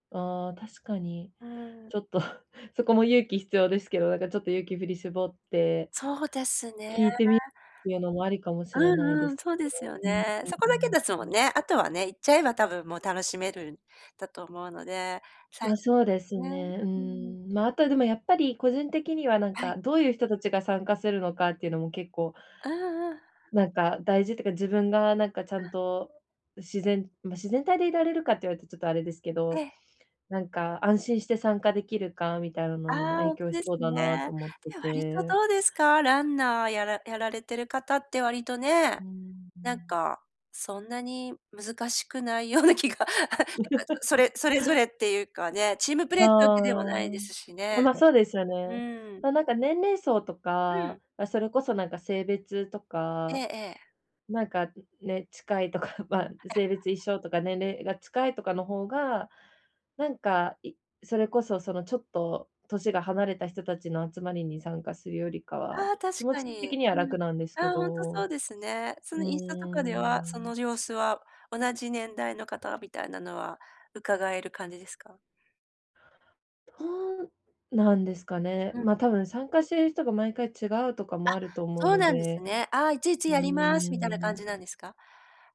ああ、確かに。うん。ちょっとそこも勇気必要ですけど、なんかちょっと勇気振り絞ってそうですね。聞いてみ、っていうのもありかもしれうないでんうん、すそうでね。すようん、うね。そこうだけん。ですもうんん。ね。あとはね、行っちゃえば多分もう楽しめるんだと思うので、最ま、初そうですね、ね。ううーん。ーん、ま、あとはでもやっぱり個人的にはなんはい。かどういう人たちが参加するのかっていうのも結構うんうん。なんか、大事ってか、自分がなんかちゃうんん。と自然ま、自然体でいられるかって言われるとちょっとあれですけえど、え。なんか安心して参加できるかみたいなあのにもあ、ほ影んと響しですそうだなね。と思ってで、割とて。どうですか？ランナーやらやられてる方って割とね、うんうなんん。か、そんなに難しくないような気が、なんか、そそれそれぞれっていうかね、チームプレあイってわけではないあ。ですしね。あ、ま、そうですようね。ん。ななんか年齢層とうか、ん。あ、それこそなんか性別とええか、ええ。なんか、ん、ね、近いとか、ま、いや性別一緒とか年齢が近いとかの方が、なんか、いそれこそそのちょっと年が離れた人たちの集まりに参加するよりかあは、あ、気確持かちに。的にはうん。楽なんですけあ、ほんとそうど。ですね。そうーのインスタとかでは、そん。の様子は、同じ年代の方みたいなのは伺える感じですか？どうなんですかね。うん。ま、多分参加している人が毎回違うとかあ、もあると思うそうのなんですで。ね。ああ、いちいちうー「やります」みたいな感ん。じなんですか？